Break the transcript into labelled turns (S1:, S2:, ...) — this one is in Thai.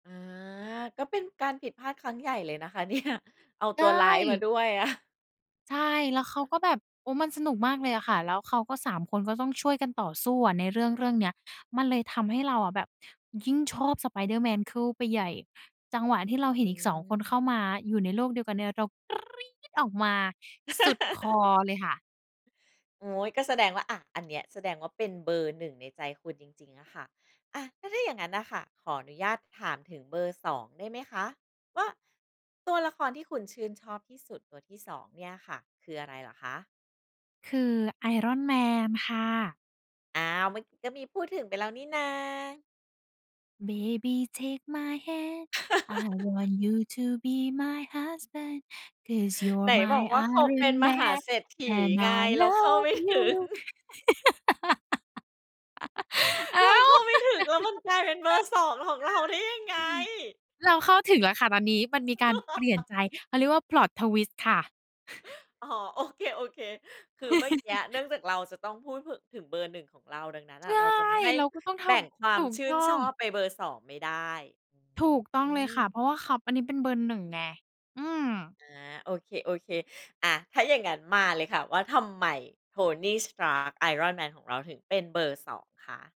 S1: อา ก็เป็นการผิดพลาดครั้งใหญ่เลยนะคะ เนี่ย เอา
S2: ใช
S1: ตัวร้ายมา
S2: ่
S1: ด้วยอะ
S2: ใช่ แล้วเขาก็แบบ โอ้ มันสนุกมากเลยอะค่ะ แล้วเขาก็ 3 คนก็ต้องช่วยกันต่อสู้ในเรื่อง ๆ เนี้ย มันเลยทำให้เราอะแบบยิ่งชอบ Spiderman เช้าไปใหญ่ จังหวะที่เราเห็
S1: อ
S2: นอีก 2 คนเข
S1: ืม
S2: ้ามาอยู่ในโลกเดียวกันเนี่ยเรากรีดออกมาสุดคอเลยค่ะ
S1: โอ้โฮ ก็แสดงว่า อะ อันเนี้ยแสดงว่าเป็นเบอร์ 1 ในใจคุณจริง ๆ อะค่ะ อะ แล้วถ้าอย่างงั้นน่ะค่ะ ขออนุญาตถามถึงเบอร์ 2 ได้ไหมคะ ว่าตัวละครที่คุณชื่นชอบที่สุดตัวที่ 2 เนี่ยค่ะคืออะไรเหรอคะ?
S2: คือ Iron Man ค่ะ
S1: อ้าว เมื่อกี้ก็มีพูดถึงไปแล้วนี่นา
S2: Baby take my hand. I want you to be my husband. Cause
S1: ไ
S2: you're
S1: หนบอก
S2: my
S1: ว่าเขาเป็น
S2: Iron
S1: มหา
S2: Man
S1: เศรษฐี
S2: And
S1: ไง?
S2: I
S1: เราเข้า ไ
S2: love
S1: ม่ถึง
S2: you อ้
S1: เร
S2: า
S1: าเข
S2: ว
S1: ้าไม่ถึง แล้วมันกลายเป็นเบอร์ 2 ของเราได้ยังไง?
S2: เราเข้าถึงแล้วค่ะตอนนี้มันมีการเปลี่ยนใจ เขาเรียกว่า Plot twist ค่ะ
S1: อ๋อ โอเค ๆ คือเมื่อกี้เนื่องจากเราจะต้องพูด ถ ถึงเบอร์ 1 ของเรา ดังนั้น
S2: ใช
S1: อะ
S2: ่
S1: เราจะมาให้
S2: เราก็ต้องท
S1: แบ่งคว
S2: ำ
S1: า
S2: ถู
S1: ม
S2: ก
S1: ชื่
S2: ต
S1: น
S2: ้อ
S1: ชอ
S2: ง
S1: บไปเบอร์ 2 ไม่ได้
S2: ถูกต้อ
S1: อ
S2: ง
S1: ื
S2: เลยค่ะ
S1: ม
S2: เพราะว่าเขา อันนี้เป็นเบอร์ 1 ไง อืม
S1: อา โอเค ๆ อะ ถ้าอย่างงั้นมาเลยค่ะ ว่าทำไม Tony Stark Iron Man ของเราถึงเป็นเบอร์ 2 คะ?